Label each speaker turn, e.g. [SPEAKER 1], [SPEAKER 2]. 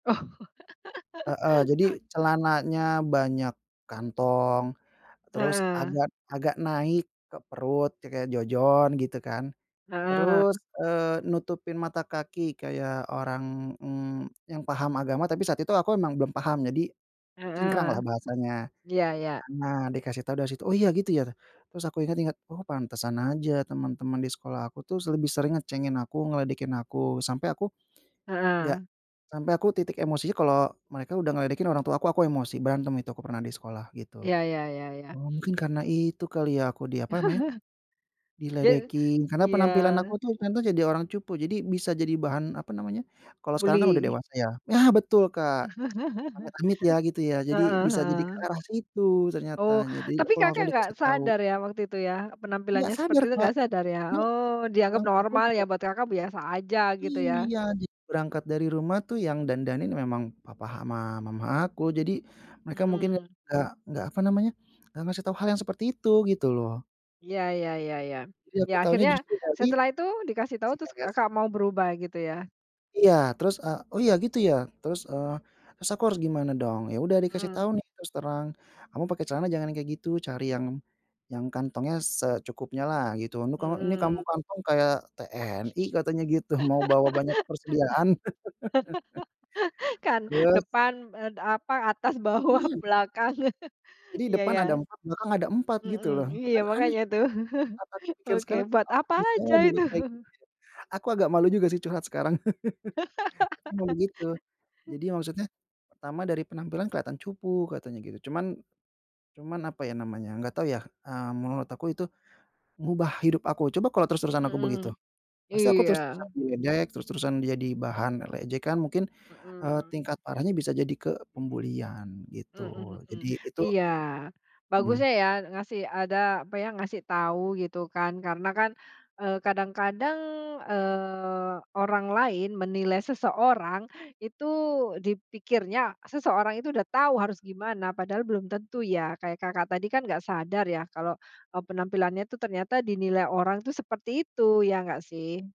[SPEAKER 1] Heeh. Jadi, celananya banyak kantong, terus
[SPEAKER 2] Heeh.
[SPEAKER 1] agak agak naik ke perut ya kayak Jojon gitu kan.
[SPEAKER 2] Heeh.
[SPEAKER 1] Terus, eee, nutupin mata kaki kayak orang, mmm, yang paham agama, tapi saat itu aku memang belum paham, jadi
[SPEAKER 2] Heeh.
[SPEAKER 1] cingkranglah bahasanya.
[SPEAKER 2] Iya iya.
[SPEAKER 1] Karena dikasih tahu dari situ, "Oh, iya, gitu ya?" Terus aku ingat-ingat, "Oh, pantesan aja teman-teman di sekolah aku tuh s lebih sering ngecengin aku, ngeledekin aku." Sampai aku enggak,
[SPEAKER 2] Heeh.
[SPEAKER 1] sampai aku titik emosinya, kalau mereka udah ngeledekin orang tua aku, aku emosi. Berantem itu aku pernah di sekolah, gitu.
[SPEAKER 2] Iya iya iya iya.
[SPEAKER 1] "Oh, mungkin karena itu kali ya, aku di, apa namanya,
[SPEAKER 2] Je
[SPEAKER 1] diledekin." Karena penampilan aku
[SPEAKER 2] Iya.
[SPEAKER 1] tuh ternyata jadi orang cupu. Jadi, bisa jadi bahan, apa namanya? Kalau sekarang kan udah
[SPEAKER 2] Buli?
[SPEAKER 1] dewasa ya. Nah, betul, Kak! Amit-amit ya gitu ya. Jadi,
[SPEAKER 2] Heeh
[SPEAKER 1] bisa jadi ke
[SPEAKER 2] heeh.
[SPEAKER 1] arah situ ternyata,
[SPEAKER 2] Oh.
[SPEAKER 1] jadi
[SPEAKER 2] Tapi
[SPEAKER 1] aku
[SPEAKER 2] Kakak
[SPEAKER 1] langsung
[SPEAKER 2] nggak
[SPEAKER 1] dikasih tahu.
[SPEAKER 2] sadar ya, waktu itu ya?
[SPEAKER 1] Gak
[SPEAKER 2] Penampilannya seperti
[SPEAKER 1] sadar,
[SPEAKER 2] itu
[SPEAKER 1] Kak!
[SPEAKER 2] nggak sadar ya?
[SPEAKER 1] Na
[SPEAKER 2] Oh, dianggap
[SPEAKER 1] [unintelligible]
[SPEAKER 2] normal
[SPEAKER 1] aku
[SPEAKER 2] ya,
[SPEAKER 1] juga
[SPEAKER 2] buat Kakak biasa aja, gitu
[SPEAKER 1] Iya.
[SPEAKER 2] ya?
[SPEAKER 1] Ja berangkat dari rumah tuh, yang dandanin memang papa ama mama aku, jadi, mereka mungkin gak
[SPEAKER 2] Hmm.
[SPEAKER 1] gak gak, apa namanya, gak ngasih tau hal yang seperti itu gitu loh.
[SPEAKER 2] Ya ya ya ya.
[SPEAKER 1] Jadi
[SPEAKER 2] Ya,
[SPEAKER 1] aku tahunya
[SPEAKER 2] akhirnya,
[SPEAKER 1] justru dari
[SPEAKER 2] setelah itu dikasih tahu
[SPEAKER 1] si
[SPEAKER 2] terus
[SPEAKER 1] [unintelligible]
[SPEAKER 2] Kakak mau berubah, gitu ya?
[SPEAKER 1] Iya, terus, eee, "Oh, ya, gitu ya? Terus, eee, terus aku harus gimana dong?" Ya udah dikasih
[SPEAKER 2] Mmm.
[SPEAKER 1] tahu nih, terus terang, "Kamu pakai celana jangan yang kayak gitu. Cari yang yang kantongnya secukupnyalah, gitu. Ini kamu ini kamu
[SPEAKER 2] Hmm.
[SPEAKER 1] kantong kayak TNI," katanya gitu, "mau bawa banyak persediaan."
[SPEAKER 2] Kan
[SPEAKER 1] Terus
[SPEAKER 2] depan, en apa, atas, bawah,
[SPEAKER 1] Iya!
[SPEAKER 2] belakang.
[SPEAKER 1] Jadi,
[SPEAKER 2] Iya
[SPEAKER 1] depan
[SPEAKER 2] ya.
[SPEAKER 1] ada 4, belakang ada 4 gitu loh,
[SPEAKER 2] Mhm, iya,
[SPEAKER 1] kan aneh.
[SPEAKER 2] makanya tuh.
[SPEAKER 1] Saat aku pikir
[SPEAKER 2] Oke,
[SPEAKER 1] sekarang, "Kok
[SPEAKER 2] buat
[SPEAKER 1] aku
[SPEAKER 2] apa
[SPEAKER 1] bisa
[SPEAKER 2] aja
[SPEAKER 1] ya dulu
[SPEAKER 2] itu?
[SPEAKER 1] kayak gitu ya?" Aku agak malu juga sih, curhat sekarang, tapi emang begitu. Jadi ya maksudnya, "Pertama, dari penampilan kelihatan cupu," katanya gitu. Cuman cuman apa ya namanya, nggak tahu ya. Eee, menurut aku, itu ngubah hidup aku, coba kalau terus-terusan
[SPEAKER 2] Hmm
[SPEAKER 1] aku
[SPEAKER 2] hmm.
[SPEAKER 1] begitu. Pasti aku
[SPEAKER 2] Iya.
[SPEAKER 1] terus-terusan diledek, terus-terusan jadi bahan, eee, ejekan mungkin, eee,
[SPEAKER 2] Hmm.
[SPEAKER 1] tingkat parahnya bisa jadi ke pembulian,
[SPEAKER 2] Hmm
[SPEAKER 1] gitu,
[SPEAKER 2] hmm.
[SPEAKER 1] jadi itu
[SPEAKER 2] Iya.
[SPEAKER 1] Mmm.
[SPEAKER 2] Bagusnya ya, ngasih ada apa ya, ngasih tahu gitu kan, karena kan, eee, kadang-kadang, eee, orang lain menilai seseorang itu dipikirnya, seseorang itu udah tahu harus gimana, padahal belum tentu ya. Kayak Kakak tadi kan nggak sadar ya, kalau, eee, penampilannya itu ternyata dinilai orang itu seperti itu, ya nggak sih?